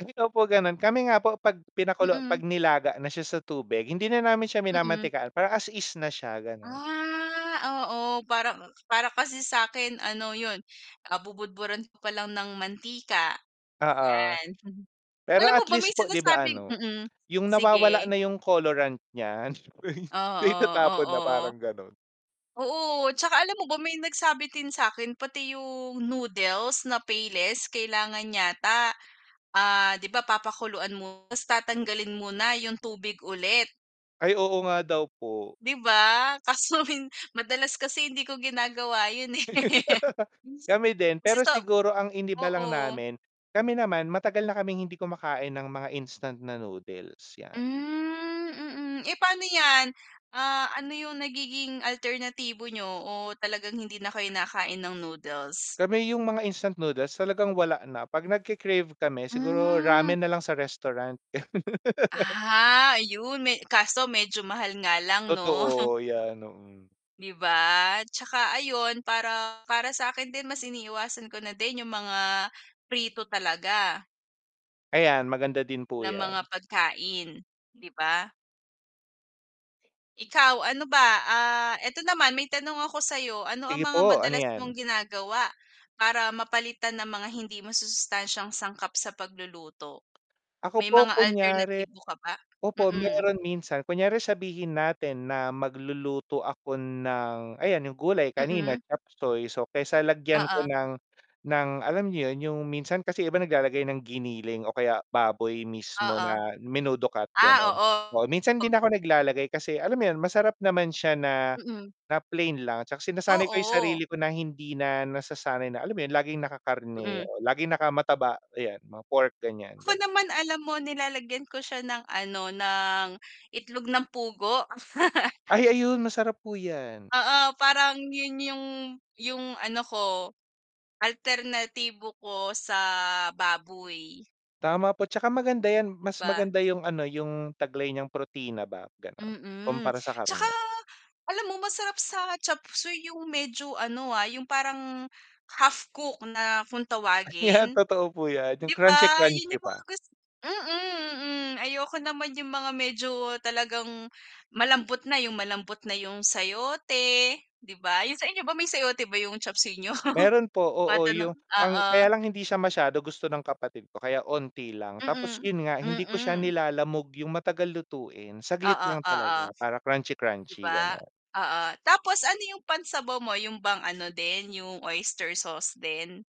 Ay, opo ganun. Kami nga po 'pag pinakulo 'pag Mm. nilaga na siya sa tubig, hindi na namin siya Mm. minamantikaan para as is na siya, gano'n. Ah, oo, parang para kasi sa'kin ano 'yun, ah, bubudburan ko pa lang ng mantika, Oo. 'yan. Pero Alam mo at ba least may po 'di ba sinasabing ano mm, 'yung nawawala sige. na 'yung colorant niya Oo, so o, itatapon na o, oo. parang gano'n. Oo, at saka alam mo ba may nagsabi din sa'kin pati 'yung noodles na Payless kailangan yata, ah, 'di ba papakuluan mo 'tas tatanggalin mo na 'yung tubig ulit. Ay, oo nga daw po. 'Di ba, kaso min madalas kasi hindi ko ginagawa 'yun eh. Kami din, pero Minsan sa siguro ang iniba lang oo. namin, kami naman matagal na kaming hindi kumakain ng mga instant na noodles, 'yan. Hmm, mm. Eh, pa'no 'yan, ah, ano 'yung nagiging alternatibo niyo o talagang hindi na kayo nakain ng noodles? Kami 'yung mga instant noodles talagang wala na, 'pag nagke-crave kami siguro Hmm. ramen na lang sa restaurant. Ah, ayun me kaso medyo mahal nga lang, 'no. Totoo 'yan, oo. 'Di ba, 'tsaka ayun para para sa'kin din mas iniiwasan ko na din 'yung mga prito talaga. Ayan, maganda din po Na 'yan. mga pagkain, 'di ba? Ikaw, ano ba, ah, eto naman may tanong ako sa'yo. Ano ang Sige mga po, ano madalas 'yan? mong ginagawa para mapalitan ang mga hindi masusustansiyang sangkap sa pagluluto? Ako May po mga kunyari alternatibo ka ba? opo Mm. meron minsan. Kunyari sabihin natin na magluluto ako ng ayan 'yung gulay kanina Mm. chopseuy, so, kaysa lagyan ko Oo. ng ng alam mo 'yun 'yung minsan kasi 'yung iba naglalagay ng giniling o kaya baboy mismo Oo. na menudo cut, Ah, gano'n. Oo minsan 'di oo. na ako naglalagay kasi alam mo 'yun masarap naman siya na Mm. na plain lang 'tsaka sinasanay ko 'yung Oo. sarili ko na hindi na nasasanay na alam mo 'yun laging Mm. naka-karne o laging naka-mataba, 'yan mga pork ganiyan, Ako ganun. naman alam mo, nilalagyan ko siya ng, ano, ng itlog ng pugo. Ay ayun masarap po 'yan. Oo, parang 'yun 'yung 'yung ano ko, alternatibo ko sa baboy. Tama po 'tsaka maganda 'yan 'Di mas ba? maganda 'yung, ano, 'yung taglay niyang protina ba, gano'n, Mm, kumpara sa 'tsaka karne. alam mo masarap sa chopseuy 'yung medyo ano, ah, 'yung parang half cooked na kung Ah, 'yan tawagin, totoo po 'yan, 'yung 'di ba? 'Yun crunchy-crunchy 'yung mga pa. gus mm, mm. Ayoko naman 'yung mga medyo talagang malambot na 'yung malambot na 'yung sayote, 'di ba? 'Yun sa inyo ba may sayote ba 'yung chopseuy niyo? Meron po, oo, Matanong 'yung ang oo. kaya lang hindi siya masyado gusto ng kapatid ko kaya 'onti lang, tapos Mm, 'yun nga hindi ko siya mm. nilalamog, 'yung matagal lutuin, saglit Oo, lang oo, talaga para 'di crunchy-crunchy, ba? gano'n. Oo. Tapos ano 'yung pan-sabaw mo, 'yung bang ano din 'yung oyster sauce din?